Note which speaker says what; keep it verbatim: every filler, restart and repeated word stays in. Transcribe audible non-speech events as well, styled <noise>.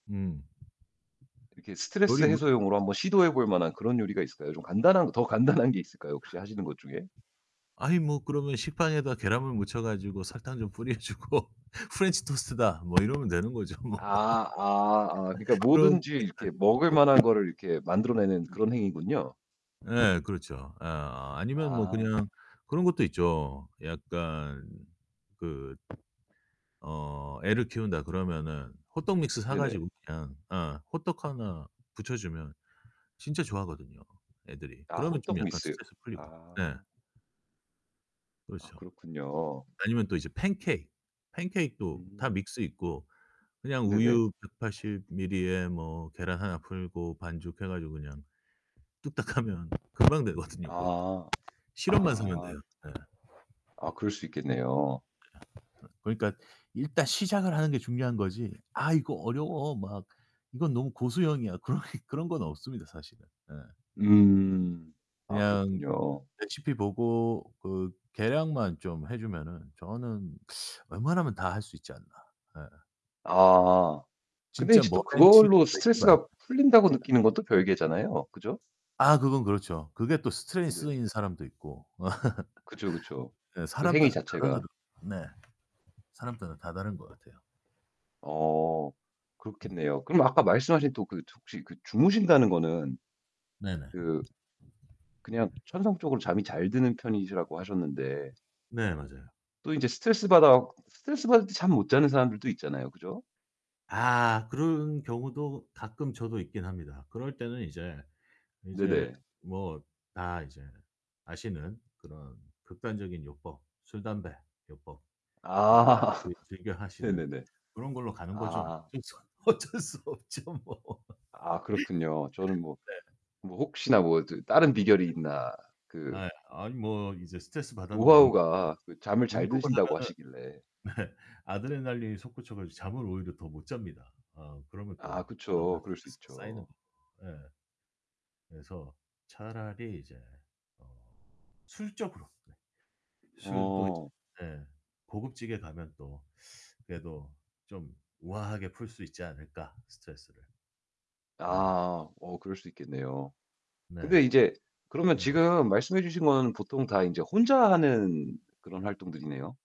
Speaker 1: 음.
Speaker 2: 이렇게 스트레스
Speaker 1: 요리 뭐 네.
Speaker 2: 해소용으로 한번 시도해 볼 만한 그런 요리가 있을까요? 좀 간단한 거 더 간단한 게 있을까요, 혹시 하시는 것 중에?
Speaker 1: <scoffs> 아니 뭐 그러면 식빵에다 계란물 묻혀 가지고 설탕 좀 뿌려 주고 "프렌치토스트다." 뭐 이러면 되는 거죠 뭐.
Speaker 2: 아 아 아 그러니까
Speaker 1: <laughs> 그렇게
Speaker 2: 뭐든지
Speaker 1: 갈
Speaker 2: 이렇게
Speaker 1: 수도
Speaker 2: 먹을
Speaker 1: 있고.
Speaker 2: 만한 거를 이렇게 만들어내는
Speaker 1: 음.
Speaker 2: 그런 행위군요.
Speaker 1: 예 그렇죠. 예 아니면 뭐
Speaker 2: 아.
Speaker 1: 그냥 그런 것도 있죠. 약간 그 어 애를 키운다 그러면은 호떡 믹스 사
Speaker 2: 네네.
Speaker 1: 가지고 그냥 어 호떡 하나 부쳐 주면 진짜 좋아하거든요, 애들이.
Speaker 2: 아
Speaker 1: 그러면 좀
Speaker 2: 호떡
Speaker 1: 약간
Speaker 2: 믹스.
Speaker 1: 스트레스 풀리고 예.
Speaker 2: 아. 아
Speaker 1: 그렇죠.
Speaker 2: 그렇군요.
Speaker 1: 아니면 또 이제 팬케이크. 팬케이크도 다
Speaker 2: 음.
Speaker 1: 믹스 있고 그냥
Speaker 2: 네네.
Speaker 1: 우유 백팔십 미리 에 뭐 계란 하나 풀고 반죽해 가지고 그냥 뚝딱 하면 금방 되거든요. 그것도.
Speaker 2: 아.
Speaker 1: 시럽만 사면
Speaker 2: 아.
Speaker 1: 돼요. 네. 예
Speaker 2: 아 그럴 수 있겠네요.
Speaker 1: 그러니까 일단 시작을 하는 게 중요한 거지 '아 이거 어려워.' 막 '이건 너무 고수용이야.' 그런 게 그런 건 없습니다, 사실은. 예.
Speaker 2: 음. 아
Speaker 1: 그냥
Speaker 2: 그렇군요.
Speaker 1: 레시피 보고 그 계량만 좀 해 주면은 저는 <sucks teeth> 웬만하면 다 할 수 있지 않나. 예.
Speaker 2: 아. 근데
Speaker 1: 진짜
Speaker 2: 이제 또
Speaker 1: 머랭 치고
Speaker 2: 그걸로
Speaker 1: 막 이런 거 아니면.
Speaker 2: 스트레스가 풀린다고
Speaker 1: <laughs>
Speaker 2: 느끼는 건 또 별개잖아요, 그죠?
Speaker 1: 아 그건 그렇죠. 그게 또 스트레인
Speaker 2: 네네.
Speaker 1: 쓰인 사람도 있고.
Speaker 2: 그쵸, 그쵸.
Speaker 1: <laughs> 예
Speaker 2: 그
Speaker 1: 사람
Speaker 2: 행위
Speaker 1: 따라
Speaker 2: 자체가.
Speaker 1: 다르거든. 네. 사람 따라 다 다른 것 같아요.
Speaker 2: 어.
Speaker 1: 음.
Speaker 2: 그렇겠네요. 그럼 아까 말씀하신 또 그 혹시 그 주무신다는 거는
Speaker 1: 네네.
Speaker 2: 그 그냥 천성적으로 잠이 잘 드는 편이시라고 하셨는데
Speaker 1: 네 맞아요.
Speaker 2: 또 인제 스트레스 받아 갖 스트레스 받을 때 잠 못 자는 사람들도 있잖아요, 그죠?
Speaker 1: 아 그런 경우도 가끔 저도 있긴 합니다. 그럴 때는 이제 이제
Speaker 2: 네네.
Speaker 1: 뭐 다 이제 아시는 그런 극단적인 요법, 술 담배 요법. 이
Speaker 2: 아
Speaker 1: 이 즐겨 하시는
Speaker 2: 네네네.
Speaker 1: 그런 걸로 가는 거죠 뭐.
Speaker 2: 아
Speaker 1: 진짜 어쩔 수 없죠, 뭐.
Speaker 2: 아 그렇군요. 저는 뭐
Speaker 1: <laughs> 네.
Speaker 2: 뭐 혹시나 뭐 더 다른 비결이 있나 그
Speaker 1: 아이 아니 뭐 이제 스트레스
Speaker 2: 그
Speaker 1: 받았는데 운동은
Speaker 2: 노하우가 잠을 잘
Speaker 1: 운동을
Speaker 2: 드신다고 하시길래.
Speaker 1: 하면은 네. 아드레날린이 솟구쳐 가지고 잠을 오히려 더 못 잡니다. 어 그러면
Speaker 2: 아
Speaker 1: 또 다음날
Speaker 2: 그쵸. 그럴 수
Speaker 1: 스트레스가 쌓이는
Speaker 2: 있죠.
Speaker 1: 거죠. 예. 그래서 차라리 이제 어 술 쪽으로 네. 술도 이제
Speaker 2: 어.
Speaker 1: 예 고급지게 가면 또 그래도 좀 우아하게 풀 수 있지 않을까, 스트레스를. 예.
Speaker 2: 아. 어 그럴 수 있겠네요.
Speaker 1: 네.
Speaker 2: 근데 이제 그러면
Speaker 1: 음.
Speaker 2: 지금 말씀해 주신 거는 보통 다 인제 혼자 하는 그런 활동들이네요.